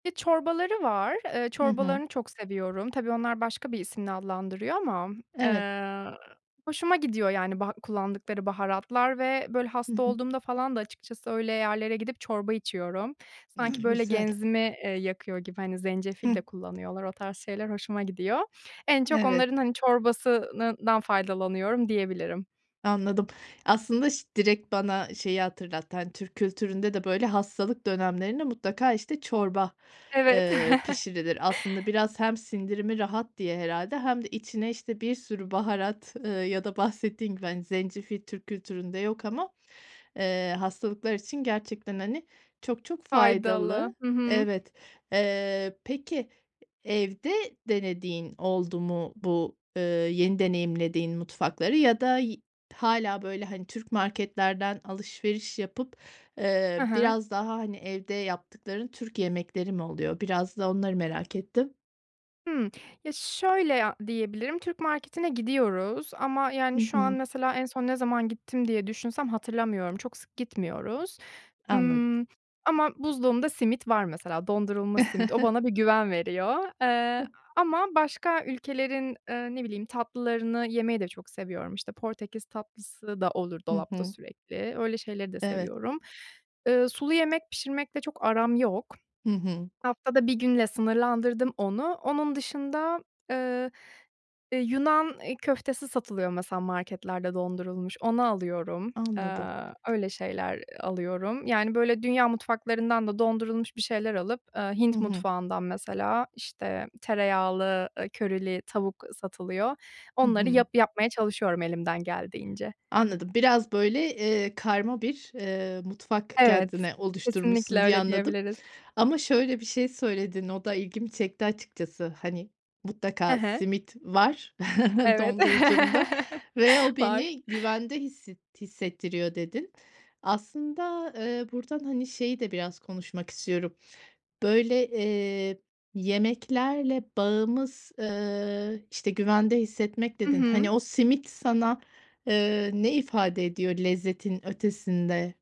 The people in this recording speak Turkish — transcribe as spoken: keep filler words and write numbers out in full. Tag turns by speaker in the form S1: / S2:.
S1: Ve çorbaları var, eee,
S2: Hı hı.
S1: çorbalarını çok seviyorum. Tabii, onlar başka bir isimle adlandırıyor ama,
S2: Evet.
S1: eee, hoşuma gidiyor yani baha kullandıkları baharatlar ve, böyle,
S2: Hı
S1: hasta
S2: hı.
S1: olduğumda falan da açıkçası öyle yerlere gidip çorba içiyorum. Sanki
S2: Hıh.
S1: böyle
S2: Güzel.
S1: genzimi, eee, yakıyor gibi, hani, zencefil
S2: Hıh.
S1: de
S2: T
S1: kullanıyorlar. O tarz şeyler hoşuma gidiyor. En çok
S2: Evet.
S1: onların, hani, çorbasınından faydalanıyorum diyebilirim.
S2: Anladım, aslında ş direkt bana şeyi hatırlattı. Hani Türk kültüründe de böyle hastalık dönemlerinde mutlaka, işte, çorba,
S1: Evet.
S2: ııı, pişirilir. Aslında biraz hem sindirimi rahat diye herhâlde hem de içine, işte, bir sürü baharat, ııı, ya da bahsettiğin gibi, hani, zencefil Türk kültüründe yok ama, eee, hastalıklar için gerçekten, hani, çok çok
S1: Faydalı.
S2: faydalı.
S1: Hı hı.
S2: Evet. Iıı, peki evde denediğin oldu mu? Bu, ııı, yeni deneyimlediğin mutfakları ya da y hâlâ böyle, hani, Türk marketlerden alışveriş yapıp,
S1: Hı
S2: ııı,
S1: hı.
S2: biraz daha, hani, evde yaptıkların Türk yemekleri mi oluyor? Biraz da onları merak ettim.
S1: Hımm. Ya, şöyle a diyebilirim: Türk marketine gidiyoruz. Ama
S2: Hı
S1: yani şu an
S2: hı.
S1: mesela en son ne zaman gittim diye düşünsem hatırlamıyorum, çok sık gitmiyoruz.
S2: Anladım.
S1: Imm, ama buzluğumda simit var mesela, dondurulmuş simit, o bana bir güven veriyor. Eee, a ama başka ülkelerin, ııı, ne bileyim, tatlılarını yemeyi de çok seviyorum. İşte, Portekiz tatlısı da olur
S2: Hı
S1: dolapta
S2: hı.
S1: sürekli, öyle şeyleri de
S2: Evet.
S1: seviyorum. Iıı, sulu yemek pişirmekle çok aram yok.
S2: Hı hı.
S1: Haftada bir günle sınırlandırdım onu. Onun dışında, eee, eee, Yunan i köftesi satılıyor mesela, marketlerde dondurulmuş, onu alıyorum.
S2: Anladım.
S1: Aaa, öyle şeyler, eee, alıyorum. Yani, böyle, dünya mutfaklarından da dondurulmuş bir şeyler alıp, ııı,
S2: Hı
S1: Hint
S2: hı.
S1: mutfağından mesela, işte, tereyağlı, ııı, körili tavuk satılıyor.
S2: Hı
S1: Onları
S2: hı.
S1: yap yapmaya çalışıyorum elimden geldiğince.
S2: Anladım, biraz böyle, ııı, karma bir, ııı, mutfak
S1: Evet.
S2: kendine
S1: Kesinlikle
S2: oluşturmuşsun diye
S1: öyle
S2: anladım
S1: diyebiliriz.
S2: ama şöyle bir şey söyledin, o da ilgimi çekti açıkçası. Hani,
S1: He
S2: "Mutlaka
S1: he.
S2: simit var
S1: Evet.
S2: dondurucumda ve o
S1: Var.
S2: beni güvende hisset hissettiriyor" dedin. Aslında, ııı, buradan, hani, şeyi de biraz konuşmak istiyorum. Böyle, eee, yemeklerle bağımız, ııı, işte, "güvende hissetmek"
S1: Hı
S2: dedin. Hani,
S1: hı.
S2: o simit sana, ııı, ne ifade ediyor lezzetin ötesinde?